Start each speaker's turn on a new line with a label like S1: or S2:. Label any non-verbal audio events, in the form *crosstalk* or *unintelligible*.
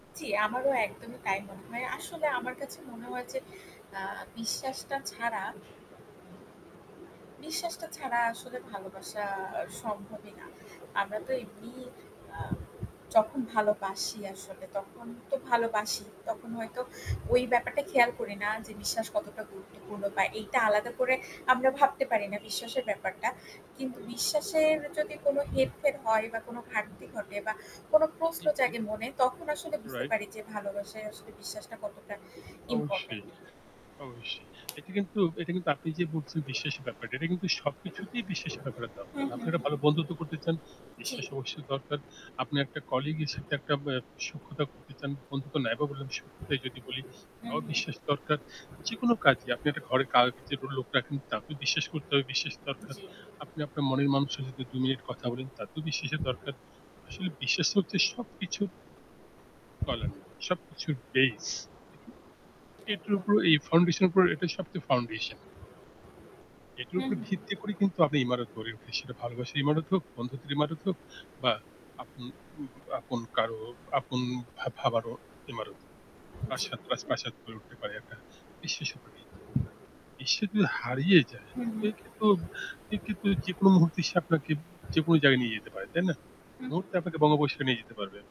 S1: জ্বি, আমারও একদমই তাই মনে হয়। আসলে আমার কাছে মনে হয় যে আ বিশ্বাসটা ছাড়া বিশ্বাসটা ছাড়া আসলে ভালোবাসা আ সম্ভবই না। আমরা তো এমনি আ যখন ভালোবাসি আসলে তখন তো ভালোবাসি। তখন হয়তো ওই ব্যাপারটা খেয়াল করি না যে বিশ্বাস কতটা গুরুত্বপূর্ণ বা এইটা আলাদা করে আমরা ভাবতে পারি না বিশ্বাসের ব্যাপারটা। কিন্তু বিশ্বাসের যদি কোন হেরফের হয় বা কোনো ঘাটতি ঘটে বা কোন প্রশ্ন
S2: জি, জি।
S1: জাগে মনে তখন আসলে বুঝতে
S2: রাইট।
S1: পারি যে ভালোবাসায় আসলে বিশ্বাসটা কতটা
S2: অবশ্যই,
S1: ইম্পোর্টেন্ট।
S2: অবশ্যই। এটা কিন্তু এটা কিন্তু আপনি যে বলছেন বিশ্বাসের ব্যাপারটা, এটা কিন্তু সবকিছুতেই বিশ্বাসের ব্যাপার *unintelligible*
S1: হু,
S2: দরকার।
S1: হু,
S2: আপনারা
S1: হুম।
S2: ভালো বন্ধুত্ব করতে চান,
S1: জী।
S2: বিশ্বাস অবশ্যই দরকার। আপনি একটা কলিগের সাথে একটা ব্যা সখ্যতা করতে চান। বন্ধুত্ব নাই বা বললাম সখ্যতাই যদি বলি,
S1: হুম,
S2: তাও
S1: হুম।
S2: বিশ্বাস দরকার। যেকোনো কাজে আপনি একটা ঘরে *unintelligible* যে লোক রাখেন, তাকেও বিশ্বাস করতে হবে। বিশ্বাস দরকার।
S1: জ্বী।
S2: আপনি আপনার মনের মানুষের সাথে ২ মিনিট কথা বলেন, তাতেও বিশ্বাসের দরকার। আসলে বিশ্বাস হচ্ছে সবকিছুর তলানি, সবকিছুর base উহু। এটার
S1: একদম।
S2: উপর এই foundation এর উপর এটাই সবচেয়ে foundation. এটার
S1: হুম,
S2: উপর
S1: হুম।
S2: ভিত্তি করে কিন্তু আপনি ইমারত গড়ে উঠে। সেটা ভালোবাসার ইমারত হোক, বন্ধুদের ইমারত হোক বা আপ উম উম আপন কারো আপন ভা ভাবারও ইমারত।
S1: জ্বী।
S2: প্রাসাদ রাজপ্রাসাদ গড়ে উঠতে পারে একটা বিশ্বের উপর ভিত্তি। বিশ্বাস যদি হারিয়ে যায়
S1: হুম, হুম।
S2: *unintelligible* কি কিন্তু যেকোন মুহূর্তে সে আপনাকে যেকোনো জায়গায় নিয়ে যেতে পারে। তাই না?
S1: হু, হুম।
S2: মুহূর্তে আপনাকে বনবাসে নিয়ে যেতে পারবে।